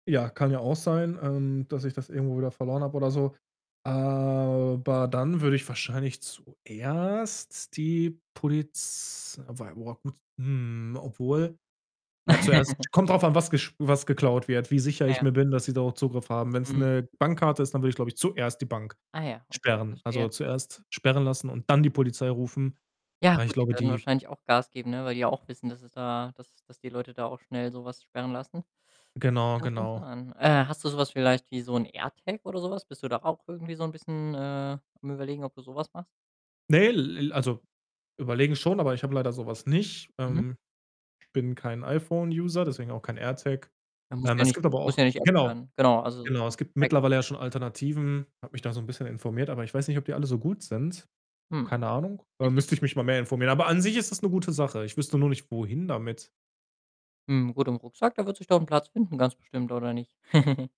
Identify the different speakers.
Speaker 1: Ja, kann ja auch sein, ähm, dass ich das irgendwo wieder verloren habe, oder so. Aber dann würde ich wahrscheinlich zuerst die Poliz wobei boah, gut hm, obwohl, ja, zuerst kommt drauf an, was gest was geklaut wird, wie sicher
Speaker 2: Ah,
Speaker 1: ich
Speaker 2: ja.
Speaker 1: mir bin, dass sie darauf Zugriff haben. Wenn's
Speaker 2: Mhm.
Speaker 1: 'ne Bankkarte ist, dann würde ich, glaube ich, zuerst die Bank
Speaker 2: Ah, ja, okay,
Speaker 1: sperren. Also,
Speaker 2: verstehe.
Speaker 1: zuerst sperren lassen und dann die Polizei rufen.
Speaker 2: Ja,
Speaker 1: Aber ich
Speaker 2: gut, die
Speaker 1: glaube,
Speaker 2: werden
Speaker 1: die
Speaker 2: wahrscheinlich auch Gas geben, ne, weil die ja auch wissen, dass es da dass dass die Leute da auch schnell so was sperren lassen.
Speaker 1: Genau,
Speaker 2: Kann schon
Speaker 1: genau.
Speaker 2: sein. Äh, hast du so was vielleicht wie so 'n AirTag oder so was? Bist du da auch irgendwie so 'n bisschen, äh, am Überlegen, ob du so was machst?
Speaker 1: Ne, l l also, überlegen schon, aber ich habe leider so was nicht,
Speaker 2: Mhm.
Speaker 1: ähm, bin kein iPhone-User, deswegen auch kein AirTag.
Speaker 2: Ja, muss
Speaker 1: Ähm,
Speaker 2: ja
Speaker 1: es
Speaker 2: nicht
Speaker 1: gibt aber
Speaker 2: muss
Speaker 1: auch
Speaker 2: ja nicht [unintelligible]
Speaker 1: genau,
Speaker 2: sein. Genau, also
Speaker 1: genau. Es
Speaker 2: so.
Speaker 1: gibt
Speaker 2: [unintelligible]
Speaker 1: mittlerweile ja schon Alternativen. Habe mich da so 'n bisschen informiert, aber ich weiß nicht, ob die alle so gut sind.
Speaker 2: Hm.
Speaker 1: Keine Ahnung, äh, müsste ich mich mal mehr informieren. Aber an sich ist das 'ne gute Sache. Ich wüsste nur nicht, wohin damit.
Speaker 2: Hm, gut, im Rucksack, da wird sich doch 'n Platz finden ganz bestimmt, oder nicht?